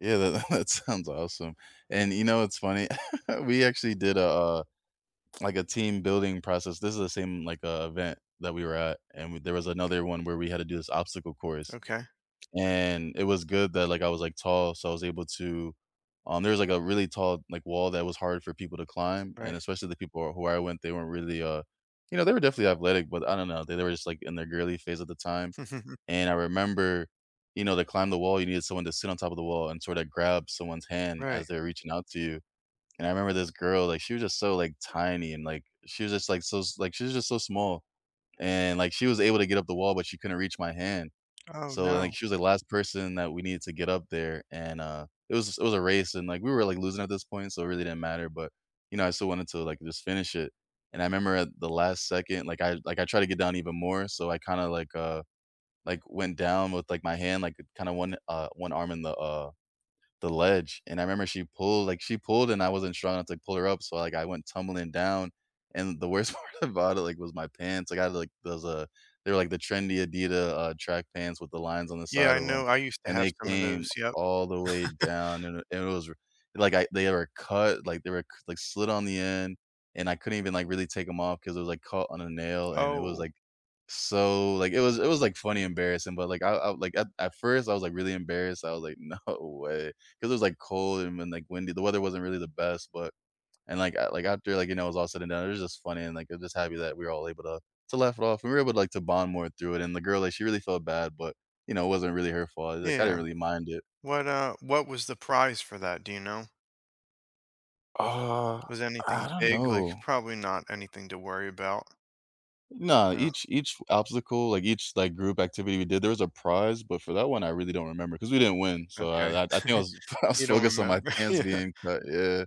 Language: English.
Yeah, that that sounds awesome, and you know, it's funny, we actually did a, uh like a team building process this is the same, like, uh, event that we were at, and we there was another one where we had to do this obstacle course, Okay. and it was good that, like I was, like, tall, so, I was able to, um there's, like, a really tall, like, wall that was hard for people to climb, and Right. especially the people who I went they weren't really, uh, you know they were definitely athletic, but I don't know, they they were just like in their girly phase at the time, and I remember, you know, they climb the wall, you needed someone to sit on top of the wall and sort of grab someone's hand Right. as they're reaching out to you, and I remember this girl, like, she was just so, like, tiny, and, like, she was just, like, so s like she's just so small, and, like, she was able to get up the wall, but she couldn't reach my hand, Oh, so, like, no. she was the last person that we needed to get up there, and, uh, it was it was a race, and, like, we were, like, losing at this point, so it really didn't matter, but, you know, I still wanted to, like, just finish it, and I remember at the last second, like, I like, I try to get down even more, so, I kinda, like, uh, like, went down with, like, my hand, like, kinda 1, uh, 1 arm in the uh, the ledge, and I remember she pulled like, she pulled, and I wasn't strong enough to pull her up, so, like, I went tumbling down, and the worst part about it, like, was my pants. I got, like those uh, they're, like, the trendy Adidas, uh, track pants with the lines on the Yeah, side I of 'em, know, I used to and have they some of came those, yup. all the way down, and it was ri like, I they were cut, like, they were c like, slid on the end, and I couldn't even, like, really take 'em off 'cause it was like caught on a nail, and it was, Oh. like, so like, it was it was, like, funny embarrassing, but, like, I I, like, at at first I was, like, really embarrassed. I was, like, "No way." 'Cause it was, like, cold and then like, windy, the weather wasn't really the best, but and, like like, after, like, you know, it was all said and done, it was just funny, and, like, I'm just happy that we're all able to to laugh it off, and we were able to, like, to bond more through it, and the girl, like, she really felt bad, but, you know, it wasn't really her fault, like, I didn't Yeah, really mind it. what uh, what was the prize for that, do you know? Uh, Was anything I don't big know. like, probably not anything to worry about. No, No. each each obstacle, like, each, like, group activity we did, there was a prize, but for that one I really don't remember, 'cause we didn't win, so Okay, I I I think I was I was you don't focused on my remember, pants yeah. being cut, yeah.